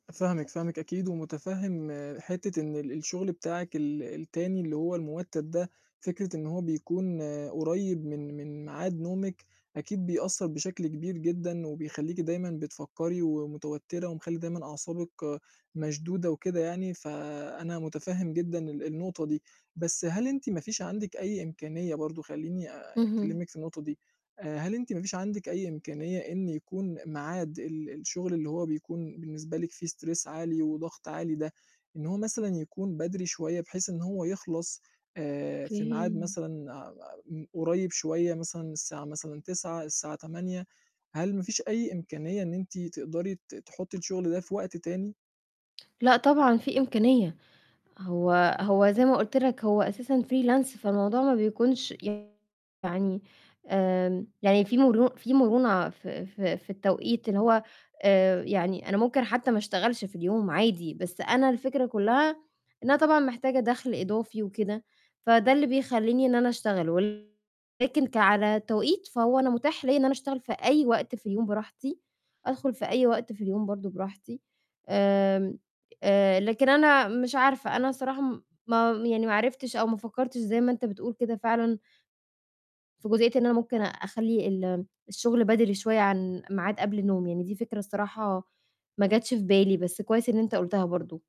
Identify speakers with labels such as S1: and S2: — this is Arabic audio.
S1: فاهمِك، فاهمِك أكيد، ومُتفهِّم حتّة إن ال الشُغل بتاعِك ال التاني اللي هو المُوتّد ده، فكرة إن هو بيكون قريّب من من ميعاد نومِك، أكيد بيأثّر بشكل كبير جدًا، وبيخلّيكِ دايمًا بتفكّري ومتوتّرة ومخلّي دايمًا أعصابِك مشدودة وكده يعني، فأنا مُتفهِّم جدًا ال النقطة دي. بس هل أنتِ ما فيش عندِك أي إمكانيّة برضه، خلّيني
S2: اهم.
S1: أكلمِك في النقطة دي، آآ، هل أنتِ ما فيش عندِك أي إمكانيّة إن يكون ميعاد ال الشُغل اللي هو بيكون بالنسبة لِك فيه stress عالي وضغط عالي ده، إن هو مثلًا يكون بدري شوية بحيث إن هو يخلص آآ، في
S2: أوكي
S1: ميعاد
S2: ن
S1: مثلًا أم أ م قريّب شوية مثلًا الساعة مثلًا 21:00، الساعة 20:00. هل ما فيش أي إمكانية إن أنتِ تقدري ت تحُطّي الشُغل ده في وقت تاني؟
S2: لأ، طبعًا في إمكانية. هو هو زي ما قُلت لك هو أساسًا freelance، فالموضوع ما بيكونش يعني آمم يعني في مرو في مرونة في في في التوقيت اللي هو آآ، يعني أنا ممكن حتى ما أشتغلش في اليوم عادي، بس أنا الفكرة كلّها إن أنا طبعًا محتاجة دَخْل إضافي وكده، فده اللي بيخلّيني إن أنا أشتغل، ولكن ك على توقيت، فهو أنا مُتاح ليّا إن أنا أشتغل في أي وقت في اليوم براحتي، أدخُل في أي وقت في اليوم برضه براحتي. آمم، آآ، لكن أنا مش عارفة، أنا الصراحة م ما م يعني ما عرفتش أو ما فكّرتش زي ما أنت بتقول كده فعلًا في جزئيّة إن أنا ممكن أخلّي ال الشُغل بدري شوية عن ميعاد قبل نومي. يعني دي فكرة الصراحة ما جاتش في بالي، بس كويس إن أنت قُلتها برضه.